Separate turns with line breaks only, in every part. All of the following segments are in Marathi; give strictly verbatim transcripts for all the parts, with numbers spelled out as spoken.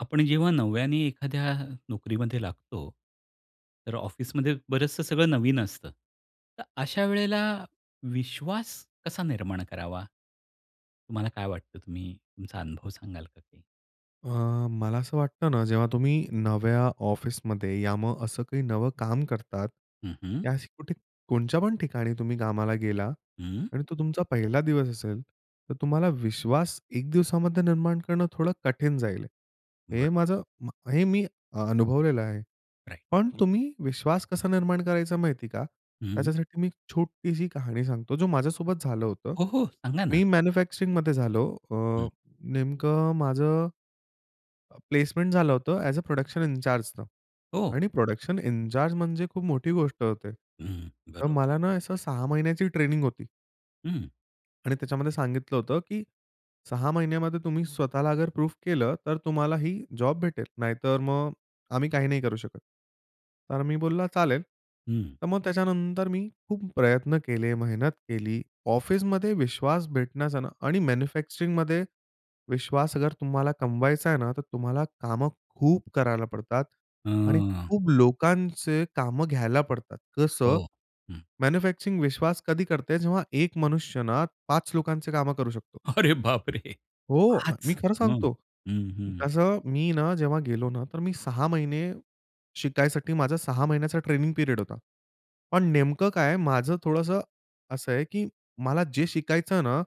आपण जेव्हा नव्याने एखाद्या नोकरीमध्ये लागतो, तर ऑफिसमध्ये बरंचसं सगळं नवीन असतं, तर अशा वेळेला विश्वास कसा निर्माण करावा? तुम्हाला काय वाटतं, तुम्ही तुमचा अनुभव सांगाल का काही?
अ, मला असं वाटतं ना, जेव्हा तुम्ही नव्या ऑफिसमध्ये, या मग असं काही नवं काम करतात.
हं, हं.
या अशी कुठे कोणच्या पण ठिकाणी तुम्ही कामाला गेला
हं.
आणि तो तुमचा पहिला दिवस असेल, तर तुम्हाला विश्वास एक दिवसामध्ये निर्माण करणं थोडं कठीण जाईल.
बर.
हे माझं हे मी अनुभवलेलं आहे.
राइट.
पण तुम्ही विश्वास कसा निर्माण करायचा माहिती आहे का?
हं.
त्याच्यासाठी मी एक छोटीशी कहाणी सांगतो, जो माझ्यासोबत झालं होतं.
हो. हो. सांगा ना.
मी मॅन्युफॅक्चरिंगमध्ये झालो अ,
हं.
नेमकं माझं प्लेसमेंट झालं होतं ॲज अ प्रॉडक्शन इनचार्जने
हो.
आणि प्रॉडक्शन इनचार्ज म्हणजे खूप मोठी गोष्ट होते.
हं,
तर
बरोबर.
मला ना असं सहा महिन्याची ट्रेनिंग होती.
हं.
आणि त्याच्यामध्ये सांगितलं होतं की "सहा महिन्यामध्ये तुम्ही स्वतःला अगर प्रूफ केलं तर तुम्हाला ही जॉब भेटेल. नाहीतर मग आम्ही काही नाही करू शकत." तर मी बोलला चालेल.
हं.
तर मग त्याच्यानंतर मी खूप प्रयत्न केले, मेहनत केली, ऑफिसमध्ये विश्वास भेटण्याचा ना आणि मॅन्युफॅक्चरिंगमध्ये विश्वास अगर तुम्हाला कमवायचा आहे ना, तर तुम्हाला कामं खूप करायला पडतात आणि
अं.
खूप लोकांचे कामं घ्यायला पडतात. जसं
हो. हं.
मॅन्युफॅक्चरिंग विश्वास कधी करते? जेव्हा एक मनुष्य ना पाच लोकांचे कामं करू शकतो.
अरे बाप रे!
हो. मी
पाच?
खरं
हं,
सांगतो.
हं, हं.
तसं मी ना जेव्हा गेलो ना तर मी सहा महिने शिकायसाठी माझा सहा महिन्याचा ट्रेनिंग पीरियड होता. पण नेमकं काय आहे, माझं थोडंसं असं आहे की मला जे शिकायचं आहे ना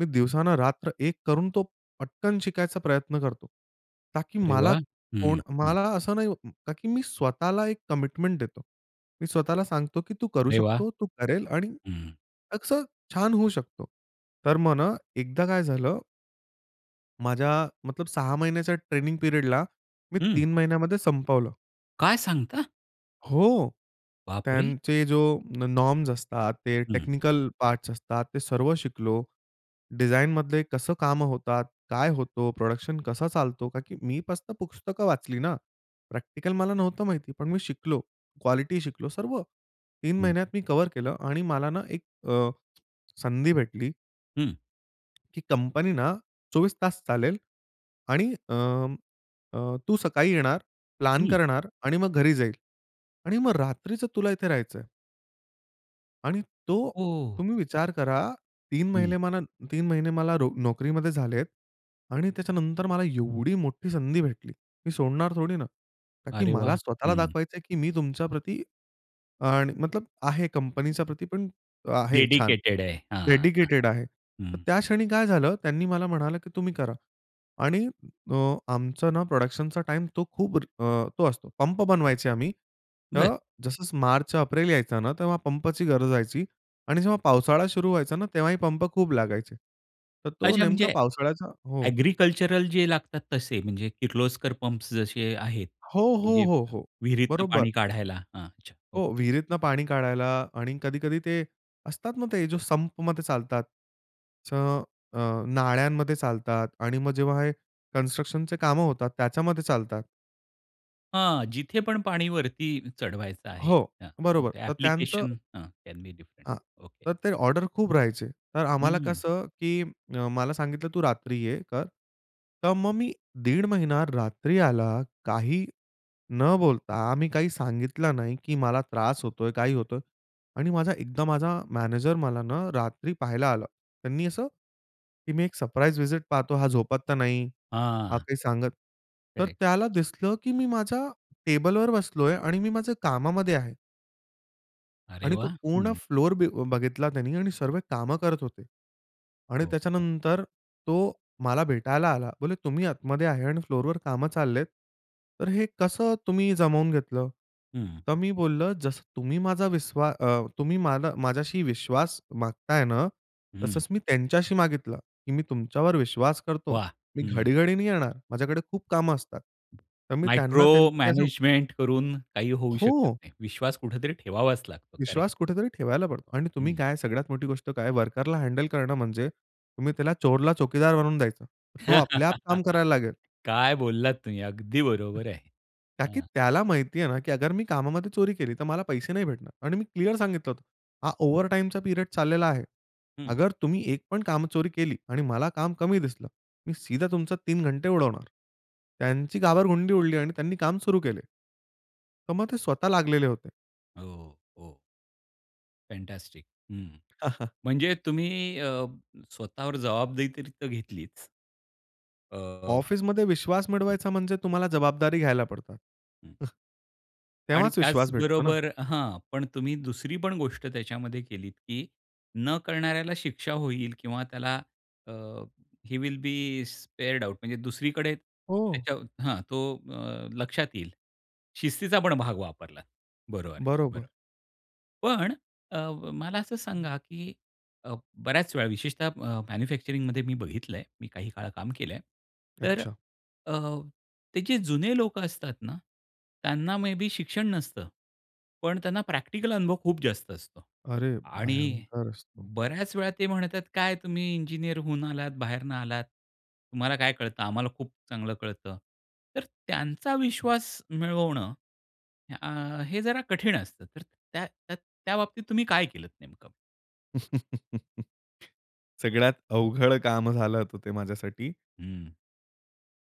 मी दिवसानं रात्र एक करून तो पटकन शिकायचा प्रयत्न करतो. कारण की
अरे
मला
वाह! हं,
कोण
हं.
मला असं नाही कारण की मी स्वतःला एक कमिटमेंट देतो. मी स्वतःला सांगतो की तू करू
अरे वाह!
शकतो, तू करेल आणि
हं.
असं छान होऊ शकतो. तर मग ना एकदा काय झालं माझ्या मतलब सहा महिन्याच्या ट्रेनिंग पीरियडला, मी
हं.
तीन महिन्यामध्ये संपवलं.
काय सांगता?
हो.
बापरे!
त्यांचे जो नॉ नॉर्म्स असतात, ते
हं.
टेक्निकल पार्ट्स असतात, ते सर्व शिकलो. डिझाईनमधले कसं कामं होतात? काय होतो? प्रोडक्शन कसं चालतो? का की मी कसं पुस्तकं वाचली ना. प्रॅक्टिकल मला नव्हतं माहिती. पण मी शिकलो. क्वालिटी शिकलो, सर्व. तीन
हं.
महिन्यात मी कव्हर केलं आणि मला ना एक अ, संधी भेटली
हं.
"की कंपनी ना चोवीस तास चालेल आणि अं, अ, तू सकाळी येणार, प्लान
हं.
करणार आणि मग घरी जाईल आणि मग रात्रीचं तुला इथे राहायचं आहे". आणि तो
ओह!
तुम्ही विचार करा तीन
हं.
महिने मला तीन महिने मला नो नोकरीमध्ये झालेत आणि त्याच्यानंतर मला एवढी मोठी संधी भेटली. मी सोडणार थोडी ना, ताकी
अरे
मला
वाह!
स्वतःला
हं.
दाखवायचं आहे की मी तुमच्या प्रती आणि मतलब आहे, कंपनीच्या प्रती पण आहे, छान.
डेडिकेटेड आहे. हां, हां.
डेडिकेटेड आहे.
हं.
तर त्या क्षणी काय झालं, त्यांनी मला म्हणालं की तुम्ही करा आणि अ, आमचं ना प्रोडक्शनचा टाईम तो खूप अ, तो असतो पंप बनवायचे आम्ही.
बरं.
तर जसं मार्च एप्रिल यायचं ना तेव्हा पंपची गरज राहायची आणि जेव्हा पावसाळा सुरु व्हायचा ना, तेव्हा ही पंप खूप लागायचे. तर तो
अच्छा, म्हणजे
नेमका पावसाळ्याचा हो.
अ‍ॅग्रिकल्चरल जे लागतात तसे, म्हणजे किर्लोस्कर पंप्स जसे आहेत
हो,
की
हो,
जे
हो, हो.
विहिरीतून
बरोबर.
पाणी काढायला. हां. अच्छा. ओके.
हो, विहिरीतून पाणी काढायला आणि कधी-कधी ते असतात ना, ते जो संपमध्ये चालतात च अ, नाळ्यांमध्ये चालतात आणि मग जेव्हा हे कन्स्ट्रक्शनचे कामं होतात, त्याच्यामध्ये चालतात.
हां, जिथे पण पाणी वरती चढवायचं आहे,
हो,
हां
बरोबर तर त्यांचं.
अँप्लिकेशन हां. कॅन बी डिफ्रंट
हां,
ओके.
तर ते ऑर्डर खूप राहायचे, तर आम्हाला
हं.
कसं, की अ, मला सांगितलं तू रात्री ये कर. तर मग मी दीड महिना रात्री आला, काही न बोलता. मी काही सांगितलं नाही की मला त्रास होतोय, काही होतोय आणि माझा एकदा माझा मॅनेजर मला ना रात्री पाहायला आला. त्यांनी असं की, मी एक सरप्राईज विजिट पाहतो, हा झोपात तर नाही, हा
हां.
काही सांगत तर
खरं आहे.
त्याला दिसलं की मी माझ्या टेबलवर बसलोय आणि मी माझ्या कामामध्ये आहे.
अरे
आणि तो
वाह!
पूर्ण
हं.
फ्लोर बी बघितला त्यांनी आणि सर्व कामं करत होते. आणि
हो, हं.
त्याच्यानंतर तो मला भेटायला आला. बोले तुम्ही आतमध्ये आहे आणि फ्लोरवर कामं चाललेत, तर हे कसं तुम्ही जमवून घेतलं?
हं.
तर मी बोललं, जसं तुम्ही माझा विश्वा अ, तुम्ही मला माझ्याशी विश्वास मागताय ना,
हं.
तसंच मी त्यांच्याशी मागितलं, की मी तुमच्यावर विश्वास करतो,
वाह!
मी
हं.
घडी-घडी नाही येणार, माझ्याकडे खूप कामं असतात. तर मी त्यांना
मायक्रो
[unintelligible]
मॅनेजमेंट करून काही होऊ शकत
हो.
नाही. विश्वास कुठेतरी ठेवावाच लागतो. करेक्ट.
विश्वास कुठेतरी ठेवायला पडतो आणि तुम्ही
हं.
काय सगळ्यात मोठी गोष्ट काय, वर्करला हँडल करणं म्हणजे, तुम्ही त्याला चोरला चौकीदार बनवून द्यायचं. तो आपल्या आप काम करायला लागेल.
काय बोललात तुम्ही! अगदी बरोबर आहे.
ताकी
हां.
त्याला माहिती आहे ना, की अगर मी कामामध्ये चोरी केली तर मला पैसे नाही भेटणार आणि मी क्लिअर सांगितलं होतं. हा ओव्हरटाईमचा पिरियड चाललेला आहे,
हं.
अगर तुम्ही एक पण काम चोरी केली आणि मला काम कमी दिसलं, मी सीधा तुमचं तीन घंटे उडवणार. त्यांची घाबरगुंडी उडली आणि त्यांनी काम सुरू केले. तर मग ते स्वतः लागलेले होते.
हो, हो. फँटास्टिक. हं, म्हणजे तुम्ही अ, स्वतःवर जवाबदेही तरी तर घेतलीच. अ
ऑफिसमध्ये विश्वास
हं.
मिळवायचा म्हणजे तुम्हाला जबाबदारी घ्यायला पडतात.
हं. आणि
तेव्हाच विश्वास भेटतो ना?
त्याचबरोबर हां, पण तुम्ही दुसरी पण गोष्ट त्याच्यामध्ये केलीत की न करणाऱ्याला शिक्षा होईल किंवा त्याला uh, he will be spared out. म्हणजे दुसरीकडे
हो.
त्याच्या हां, तो लक्षात येईल. शिस्तीचा पण भाग वापरला बरोबर आहे,
बरोबर.
बरोबर. पण अ, मला असं सांगा की अ, बऱ्याच वेळा विशेषतः मॅन्युफॅक्चरिंगमध्ये मी बघितलंय मी काही काळ काम केलंय तर
अच्छा.
अ, ते जे जुने लोकं असतात ना त्यांना मे बी शिक्षण नसतं, पण त्यांना प्रॅक्टिकल अनुभव खूप जास्त असतो
अरे
आणि
भयंकर असतो.
बऱ्याच वेळा ते म्हणतात काय तुम्ही इंजिनिअर होऊन आलात बाहेरनं आलात, तुम्हाला काय कळतं आम्हाला खूप चांगलं कळतं तर त्यांचा विश्वास मिळवणं, अ, हे जरा कठीण असतं तर त्या त्या बाबतीत तुम्ही काय केलंत नेमकं?
सगळ्यात अवघड काम झालं होतं ते माझ्यासाठी.
हं.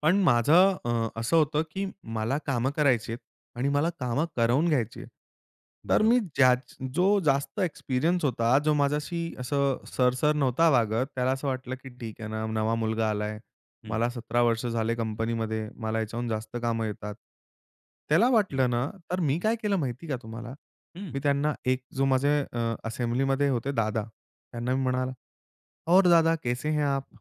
पण माझं अ, असं होतं की मला काम करायची आहेत आणि मला कामं करवून घ्यायची आहेत. तर
बरं.
मी ज्याच जो जास्त एक्सपिरियन्स होता, जो माझ्याशी असं, सर, सर नव्हता वागत, त्याला असं वाटलं की, "ठीक आहे ना, नवा मुलगा आलाय,
हं.
मला सतरा वर्ष झाले कंपनीमध्ये, मला याच्याहून जास्त कामं येतात." त्याला
हं.
वाटलं ना, तर मी काय केलं माहिती का तुम्हाला?
हं.
मी त्यांना एक जो माझे अ, असेंब्लीमध्ये होते दादा, त्यांना मी म्हणाला, "और दादा, कैसे हैं आप?"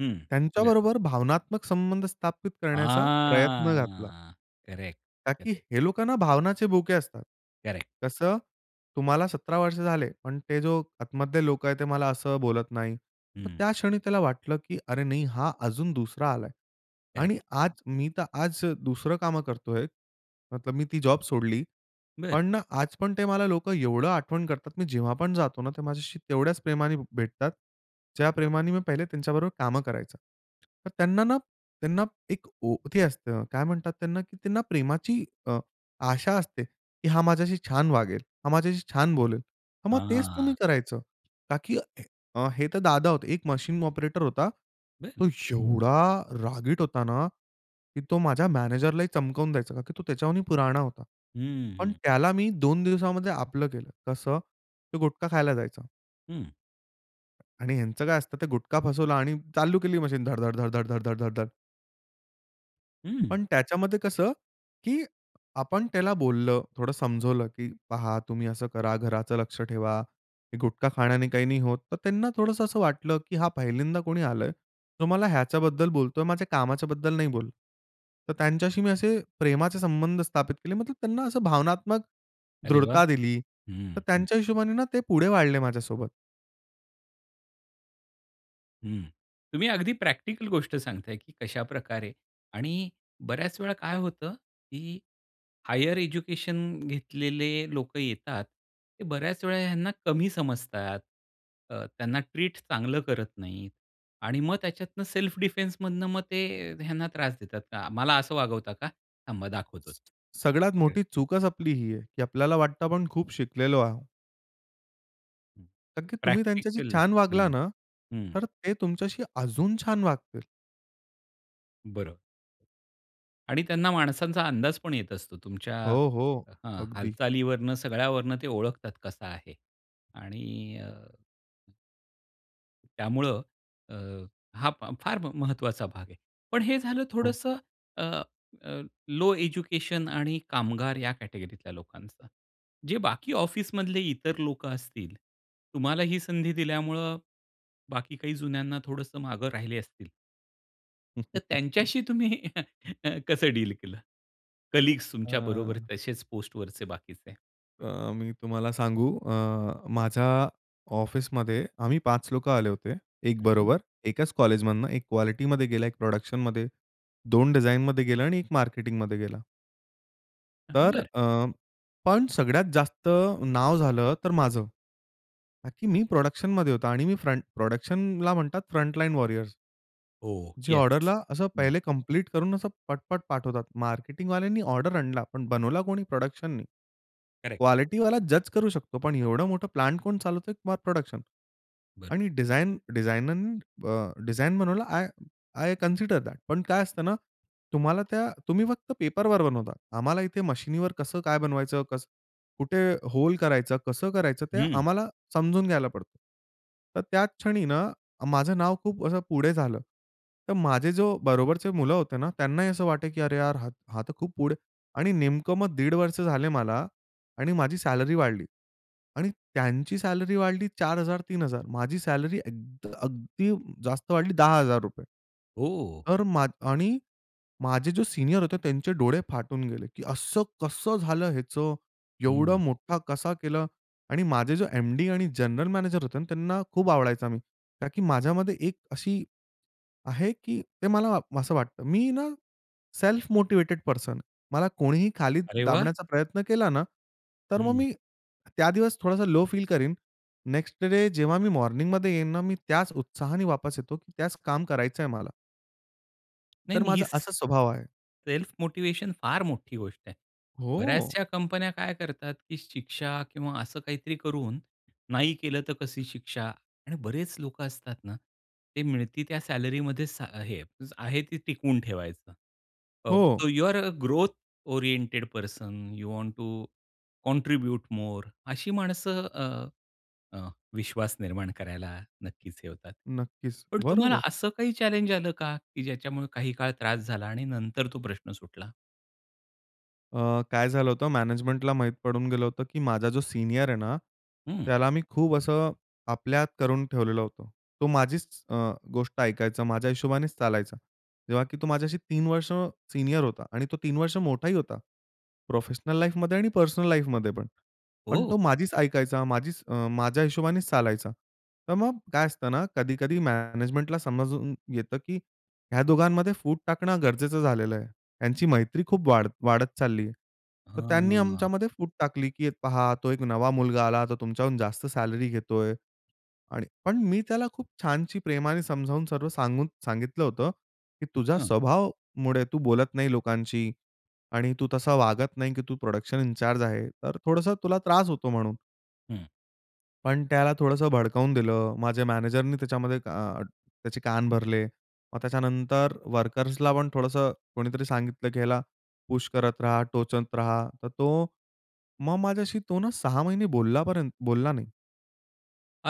हं, बरं.
त्यांच्याबरोबर भावनात्मक संबंध स्थापित करण्याचा प्रयत्न घातला.
हां. करेक्ट,
का की
करेक्ट.
हे लोकांना भावनाचे भुके असतात.
करेक्ट.
कसं? तुम्हाला सतरा वर्ष झाले, पण ते जो आतमधले लोकं आहेत ते मला असं बोलत नाही. तर
हं.
त्या क्षणी त्याला वाटलं की, "अरे, नाही हा अजून दुसरा आलाय"
करेक्ट.
आणि आज मी तर आज दुसरं कामं करतोय. मतलब मी ती जॉब सोडली.
बरं.
पण ना, आजपण ते मला लोकं एवढं आठवण करतात, मी जेव्हा पण जातो ना, ते माझ्याशी तेवढ्याच प्रेमाने भ भेटतात. ज्या प्रेमाने मी पहिले त्यांच्याबरोबर काम करायचं. तर त्यांना ना, त्यांना एक ओ ते असतं, काय म्हणतात त्यांना, की त्यांना प्रेमाची अ, आशा असते की, "हा माझ्याशी छान वागेल, हा माझ्याशी छान बोलेल." हां, मग
हां, हां,
तेच तुम्ही
हां.
करायचं. का की अ, हे तर दादा होते. एक मशीन ऑपरेटर होता,
बरं.
तो एवढा रागीट होता ना, की तो माझ्या मॅनेजरला ही चमकावून द्यायचा, का की तो त्याच्यावरूनही पुराणा होता.
हं, हं,
पण,
हं.
त्याला मी दोन दिवसामध्ये आपलं केलं, कसं? ते गुटखा खायला जायचा.
हं.
आणि ह्यांचं काय असतं ते गुटखा फसवलं आणि चालू केली मशीन धड-धड, धड-धड, धड-धड, धड-धड.
हं.
पण त्याच्यामध्ये कसं, की आपण त्याला बोललं, थोडं समजावलं, की "पहा, तुम्ही असं करा, घराचं लक्ष ठेवा, गुटखा खाण्याने काही नाही होत." तर त्यांना थोडंसं असं वाटलं, की हां, पहिल्यांदा कोणी आलंय तो मला ह्याच्याबद्दल बोलतोय, माझ्या कामाच्या बद्दल नाही बोलत. तर त्यांच्याशी मी असे प्रेमाचे संबंध स्थापित केले, मतलब त्यांना असं भावनात्मक
अरे वाह!
दृढता दिली. तर
हं, हं.
त्यांच्या हिशोबाने ना ते पुढे वाढले माझ्यासोबत.
हं. तुम्ही अगदी प्रॅक्टिकल गोष्ट सांगताय, की कशाप्रकारे आणि बऱ्याच वेळा काय होतं, की हायर एज्युकेशन घेतलेले लोकं येतात, ते बऱ्याच वेळा ह्यांना कमी समजतात, अ, त्यांना ट्रीट चांगलं करत नाहीत आणि मग त्याच्यातनं सेल्फ डिफेंसमधनं मग ते ह्यांना त्रास देतात का "मला असं वागवता का? थांबा दाखवतोच."
सगळ्यात
[unintelligible]
मोठी चूकच आपली ही आहे, की आपल्याला वाटतं आपण खूप शिकलेलो आहो नक्की. तुम्ही त्यांच्याशी
प्रॅक्टिकल.
छान वागला
हं,
ना,
हं.
तर ते तुमच्याशी अजून छान वागतील.
बरं. आणि त्यांना माणसांचा अंदाज पण येत असतो, तुमच्या
हो, हो
अ, हं,
अगदी.
हालचालीवरनं सगळ्यावरून ते ओळखतात कसा आहे आणि अ हं. त्यामुळं अ, हा फा फार महत्त्वाचा भाग आहे. पण हे झालं
हो.
थोडंसं अ, अ, लो एज्युकेशन आणि कामगार या कॅटेगरीतल्या लोकांचा, जे बाकी ऑफिसमधले इतर लोकं असतील तुम्हाला ही संधी दिल्यामुळं, बाकी काही जुन्यांना थोडंसं मागे राहिले असतील. तर त्यांच्याशी तुम्ही कसं डील केलं? कलीग्स तुमच्या बरोबर,
अं
तसेच पोस्टवरचे बाकीचे.
अ, मी तुम्हाला सांगू अ, माझ्या ऑफिसमध्ये आम्ही पाच लोकं आले होते, एक
हं, हं.
बरोबर. एकाच कॉलेजमधनं. एक क्वालिटीमध्ये गेला, एक प्रोडक्शनमध्ये, दोन डिझाइनमध्ये गेला आणि एक मार्केटिंगमध्ये गेला.
हां,
तर
बरं.
अ पण सगळ्यात जास्त नाव झालं तर माझं. का की मी प्रोडक्शनमध्ये होतो. आणि मी फ्रंट प्रोडक्शनला म्हणतात फ्रंट लाईन वॉरियर्स.
ओह
जे
येस,
ऑर्डरला असं
हं.
पहिले कम्प्लीट करून, असं पट-पट पाठवतात. मार्केटिंगवाल्यांनी ऑर्डर आणला, पण बनवला कोणी? प्रोडक्शननी.
करेक्ट.
क्वालिटीवाला जज करू शकतो, पण एवढं मोठं प्लांट कोण चालवतोय प्रोडक्शन.
बरं.
आणि डिझाइन डिझाइननं ब डिझाइन बनवलं आय आय कन्सिडर दॅट. पण काय असतं ना, तुम्हाला त्या तुम्ही फक्त पेपरवर बनवता, आम्हाला इथे मशिनीवर कसं काय बनवायचं, कसं कुठे होल करायचं, कसं करायचं? ते
हं.
आम्हाला समजून घ्यायला पडतं. तर त्याच क्षणी ना, माझं नाव खूप अ, असं पुढे झालं, तर माझे जो बरोबरचे मुलं होते ना, त्यांनाही असं वाटे की, "अरे यार, हा हा तर खूप पुढे" आणि नेमकं मग दीड वर्ष झाले मला आणि माझी सॅलरी वाढली आणि त्यांची सॅलरी वाढली चार हजार तीन हजार. माझी सॅलरी अगद अगदी जास्त वाढली दहा हजार रुपये.
हो.
तर माझ आणि माझे जे सीनियर होते, त्यांचे डोळे फाटून गेले, की "असं कसं झालं ह्याचं, एवढं
हं.
मोठा कसा केला" आणि माझे जे एमडी आणि जनरल मॅनेजर होते ना, त्यांना खूप आवडायचा मी. का की माझ्यामध्ये एक अशी आहे की ते मला असं वाटतं. मी ना, सेल्फ मोटिवेटेड पर्सन. आहे. मला कोणीही खाली
अरे, वाह!
दाबण्याचा प्रयत्न केला ना, तर मग
हं.
मी त्या दिवस थोडासा लो फील करीन. नेक्स्ट डे जेव्हा मी मॉर्निंगमध्ये येईन ना, मी त्याच उत्साहाने वापस येतो, की त्याच काम करायचंय मला. तर
नाही-नाही,
माझा
स
असा स्वभाव आहे.
सेल्फ मोटिवेशन फार मोठी गोष्ट आहे.
हो.
बऱ्याचशा कंपन्या काय करतात की शिक्षा किंवा असं काहीतरी करून, नाही केलं तर कशी शिक्षा? आणि बरेच लोकं असतात ना, ते मिळती त्या सॅलरी मध्ये सा हे आहे ते टिकवून ठेवायचं. ऑफ
हो.
So you are a growth oriented person, you want to contribute more. अशी माणसं अ, विश्वास निर्माण करायला नक्कीच हे होतात.
नक्कीच,
पण तुम्हाला
बरोबर.
असं काही आलं का? की ज्याच्यामुळे काही काळ त्रास झाला आणि नंतर तो प्रश्न सुटला?
अ, काय झालं होतं. मॅनेजमेंटला माहीत पडून गेलं होतं की माझा जो सीनियर आहे ना,
हं.
त्याला मी खूप असं आपल्यात करून ठेवलेलं होतं. तो माझीच अ, गोष्ट ऐकायचा, माझ्या हिशोबानेच चालायचा. जेव्हा की तो माझ्याशी तीन वर्ष सीनियर होता, आणि तो तीन वर्ष मोठाही होता प्रोफेशनल लाईफमध्ये आणि पर्सनल लाईफमध्ये पण. पण
हो.
तो माझीच ऐकायचा, माझीच अ माझ्या हिशोबानेच चालायचा. तर मग काय असतं ना कधी कधी मॅनेजमेंटला समजून येतं की ह्या दोघांमध्ये फूट टाकणं गरजेचं झालेलं आहे. यांची मैत्री खूप वाढ वाढत चालली. तर त्यांनी
हं.
आमच्यामध्ये फूट टाकली, की पहा तो एक नवा मुलगा आला तो तुमच्याहून जास्त सॅलरी घेतोय आणि पण मी त्याला खूप छानशी प्रेमाने समजावून सांगून सांगितलं होतं, की तुझ्या
हं.
स्वभावामुळे तू बोलत नाही लोकांशी आणि तू तसा वागत नाही की तू प्रोडक्शन इन चार्ज आहे, तर थोडंसं तुला त्रास होतो म्हणून.
हं.
पण त्याला थोडंसं भडकावून दिलं. माझ्या मॅनेजरने त्याच्यामध्ये अ, त्याचे कान भरले. मग त्याच्यानंतर वर्कर्सला पण थोडंसं कोणीतरी सांगितलं, की ह्याला पुश करत राहा, टोचत राहा. तर तो मग माझ्याशी तो ना सहा महिने बोलला पर्यन्त बोलला नाही.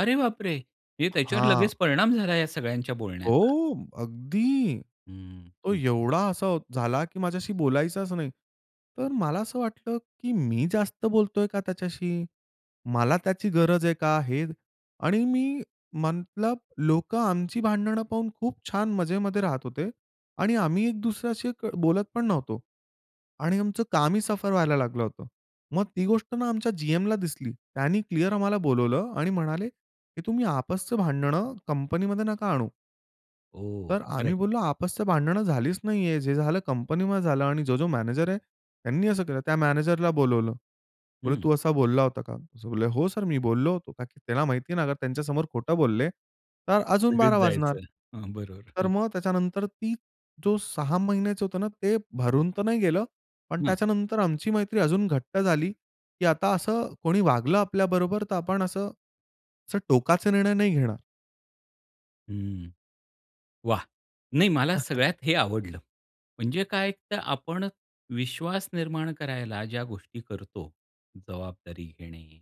अरे बापरे! म्हणजे त्याच्यावर
हां.
लगेच परिणाम झाला या सगळ्यांच्या बोलण्याचा.
हो अगदी!
हं,
तो
हं.
एवढा असा झाला की माझ्याशी बोलायचाच नाही. तर मला असं वाटलं की मी जास्त बोलतोय का त्याच्याशी? मला त्याची गरज आहे का? हे आणि मी म्हटलं, लोकं आमची भांडणं पाहून खूप छान मजेमध्ये राहत होते आणि आम्ही एक दुसऱ्याशी क बोलत पण नव्हतो आणि आमचं कामही सफर व्हायला लागलं होतं. मग ती गोष्ट ना आमच्या जीएमला दिसली. त्यांनी क्लिअर आम्हाला बोलावलं आणि म्हणाले, "की तुम्ही आपसचं भांडणं कंपनीमध्ये नका आणू"
ओह,
तर
खरं आहे.
आम्ही बोललो, "आपसच्या" भांडणं झालीच नाहीये, जे झालं कंपनीमध्ये झालं आणि जो-जो मॅनेजर आहे त्यांनी असं केलं." त्या मॅनेजरला बोलावलं. बोले,
हं.
"तू असा बोलला होता का?" बोले. "हो सर, मी बोललो होतो." का की त्याला माहिती आहे ना त्यांच्यासमोर खोटं बोलले तर अजून
सगळेच
बारा वाजणार.
जायचं. हां, बरोबर,
तर
हं.
मग त्याच्यानंतर ती जो सहा महिन्याचं होतं ना ते भरून तर नाही गेलं, पण
हां.
त्याच्यानंतर आमची मैत्री अजून घट्ट झाली की आता असं कोणी वागलं आपल्याबरोबर तर आपण असं, असं टोकाचे निर्णय नाही घेणार.
हं, वाह! नाही मला सगळ्यात हे आवडलं. म्हणजे काय तर आपण विश्वास निर्माण करायला ज्या गोष्टी करतो, जबाबदारी घेणे,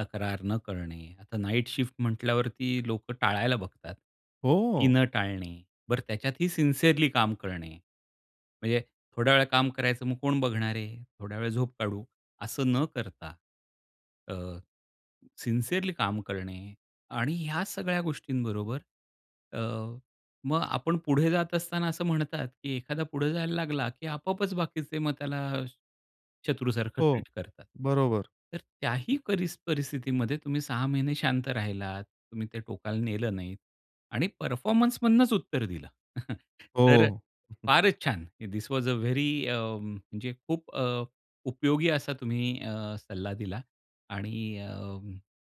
तक्रार न करणे, आता नाईट शिफ्ट म्हटल्यावरती लोकं टाळायला बघतात. ती
हो.
न टाळणे, बरं त्याच्यातही सिन्सीयरली काम करणे. म्हणजे, थोड्या वेळ काम करायचं मग कोण बघणार आहे? थोड्या वेळ झोप काढू, असं न करता, अ, सिन्सीयरली काम करणे आणि ह्या सगळ्या गोष्टींबरोबर अ, मग आपण पुढे जात असताना असं म्हणतात, की एखादा पुढे जायला लागला की आपोआपच बाकीचे मग त्याला शत्रूसारखं
हो,
ट्रीट करतात.
बरोबर.
तर त्याही परि परिस्थितीमध्ये तुम्ही सहा महिने शांत राहिलात, तुम्ही ते टोकाला नेलं नाही आणि परफॉर्मन्स मधनच उत्तर दिलं. तर अ,
हो.
फारच छान! This was a very uh, म्हणजे खूप अ, उपयोगी असा तुम्ही अ, सल्ला दिला आणि अ,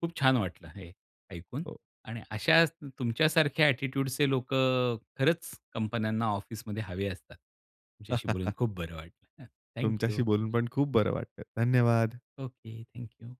खूप छान वाटलं हे ऐकून
हो.
आणि अशाचं तु तुमच्यासारख्या ॲटिट्यूडचे लोकं अ, खरंच कंपन्यांना ऑफिसमध्ये हवे असतात, तुमच्याशी बोलून खूप बरं वाटलं. अ, थँक
तुमच्याशी
यू.
बोलून पण खूप बरं वाटलं, धन्यवाद.
Okay, thank you.